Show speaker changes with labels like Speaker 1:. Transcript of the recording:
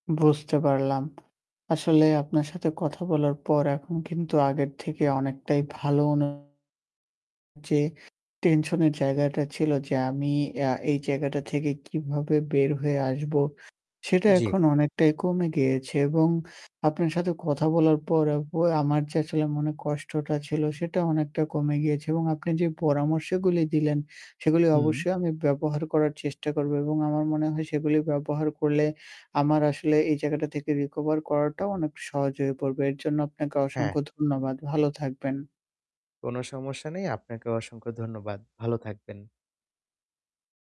Speaker 1: বুঝতে পারলাম। আসলে আপনার সাথে কথা বলার পর এখন কিন্তু আগের থেকে অনেকটাই ভালো অনুভুতি যে টেনশন এর জায়গাটা ছিল যে আমি আ এই জায়গাটা থেকে কিভাবে বের হয়ে আসবো সেটা
Speaker 2: জি।
Speaker 1: এখন অনেকটাই কমে গিয়েছে এবং আপনার সাথে কথা বলার পর অবয় আমার যে আসলে মনের কষ্টটা ছিল সেটা অনেকটা কমে গিয়েছে এবং আপনি যে পরামর্শগুলি দিলেন সেগুলি
Speaker 2: হুম।
Speaker 1: অবশ্যই আমি ব্যবহার করার চেষ্টা করব এবং আমার মনে হয় সেগুলি ব্যবহার করলে আমার আসলে এই জায়গাটা থেকে recover করাটাও অনেক সহজ হয়ে পড়বে। এর জন্য আপনাকে
Speaker 2: হ্যাঁ।
Speaker 1: অসংখ্য ধন্যবাদ। ভালো থাকবেন।
Speaker 2: কোনো সমস্যা নেই। আপনাকেও অসংখ্য ধন্যবাদ। ভালো থাকবেন।